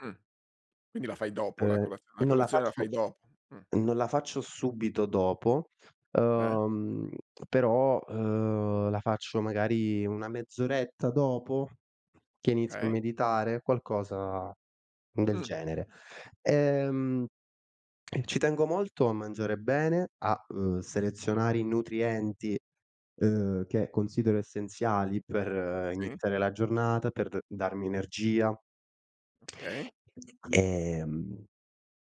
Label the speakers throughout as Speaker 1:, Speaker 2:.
Speaker 1: Mh. Quindi la fai dopo la
Speaker 2: Ehm,
Speaker 1: cola la
Speaker 2: non la
Speaker 1: colazione la
Speaker 2: faccio
Speaker 1: fai dopo, mh.
Speaker 2: non la faccio subito dopo,
Speaker 1: Eh.
Speaker 2: uhm, però, uhm, la faccio magari una mezz'oretta dopo, che inizio a
Speaker 1: Okay.
Speaker 2: meditare, qualcosa del
Speaker 1: Mh.
Speaker 2: genere. Ehm, ci tengo molto a mangiare bene, a, uhm, selezionare i nutrienti, uhm, che considero essenziali per
Speaker 1: Sì.
Speaker 2: iniziare la giornata, per d darmi energia.
Speaker 1: Okay.
Speaker 2: Ehm,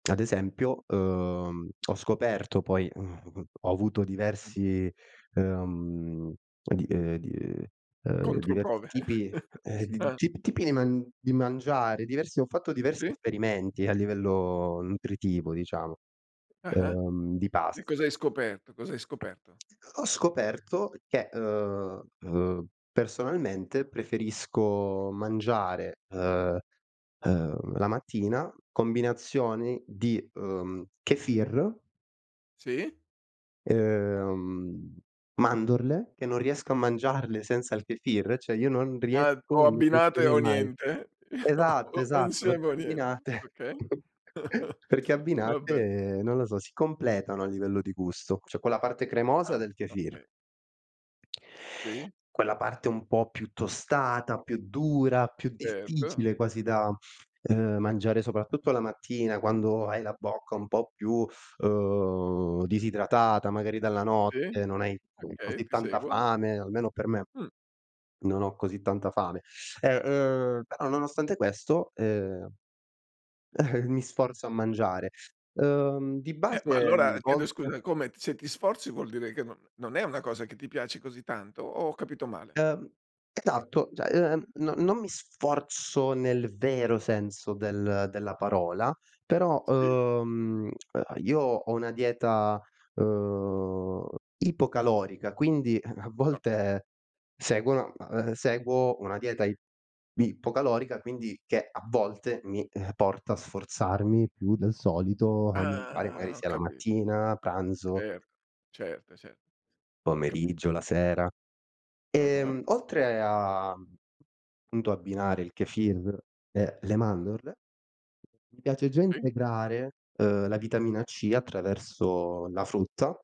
Speaker 2: ad esempio, uhm, ho scoperto poi, uhm, ho avuto
Speaker 1: Mh.
Speaker 2: diversi, ehm, di uhm, di, uhm, uhm, diversi
Speaker 1: Controprove.
Speaker 2: tipi, eh,
Speaker 1: Ah.
Speaker 2: t tipi di man di mangiare, diversi ho fatto diversi
Speaker 1: Sì.
Speaker 2: esperimenti a livello nutritivo, diciamo,
Speaker 1: Ah-ah.
Speaker 2: ehm, di
Speaker 1: E
Speaker 2: pasti.
Speaker 1: cos'hai scoperto? Cosa hai scoperto?
Speaker 2: Ho ho scoperto che, uhm, uhm, personalmente preferisco mangiare, uhm, uhm, la mattina combinazioni di, uhm, Kefir
Speaker 1: Sì.
Speaker 2: uhm, mandorle, che non riesco a
Speaker 1: Oka
Speaker 2: mangiarle senza il Kefir, cioè io non
Speaker 1: Ah,
Speaker 2: riesco
Speaker 1: o
Speaker 2: e non
Speaker 1: abbinate
Speaker 2: riuscirei
Speaker 1: o
Speaker 2: mai.
Speaker 1: niente?
Speaker 2: Esatto,
Speaker 1: O o
Speaker 2: esatto, perché
Speaker 1: insieme o niente,
Speaker 2: abbinate
Speaker 1: okay.
Speaker 2: perché
Speaker 1: Va be'.
Speaker 2: abbinate, non lo so, si completano a livello di gusto. C'è quella parte cremosa
Speaker 1: Ah,
Speaker 2: del kefir
Speaker 1: okay. Sì.
Speaker 2: quella parte un po' più tostata, più dura, più difficile
Speaker 1: Certo.
Speaker 2: quasi da, uhm, mangiare, soprattutto la mattina quando hai la bocca un po' più, uhm, disidratata, magari dalla
Speaker 1: Sì.
Speaker 2: notte, non hai
Speaker 1: Okay,
Speaker 2: così
Speaker 1: ti
Speaker 2: tanta
Speaker 1: seguo.
Speaker 2: fame, almeno per me
Speaker 1: Mh.
Speaker 2: non ho così tanta fame. E, uhm, però nonostante questo, ehm, mi sforzo a mangiare. Uhm, di
Speaker 1: Eh, ma
Speaker 2: base
Speaker 1: allora, chiedo
Speaker 2: volte
Speaker 1: scusa, come, se ti sforzi vuol dire che n non è una cosa che ti piaci così tanto. O ho capito male?
Speaker 2: Uhm, esatto. Cioè, ehm, no non mi sforzo nel vero senso del della parola, però,
Speaker 1: Si.
Speaker 2: uhm, io ho una dieta, uhm, ipocalorica, quindi a a
Speaker 1: Okay.
Speaker 2: volte seguo seguo una dieta ip ipocalorica, quindi che a volte mi porta a sforzarmi più del solito, a mangiare magari
Speaker 1: Ah! Ho
Speaker 2: sia la
Speaker 1: capi
Speaker 2: mattina, pranzo
Speaker 1: Certo, certo, certo, ho
Speaker 2: pomeriggio,
Speaker 1: capito.
Speaker 2: la sera.
Speaker 1: Ah-ah.
Speaker 2: Ehm, oltre a punto abbinare il Kefir e le mandorle, mi piace già
Speaker 1: Si.
Speaker 2: integrare, ehm, la vitamina C attraverso la frutta.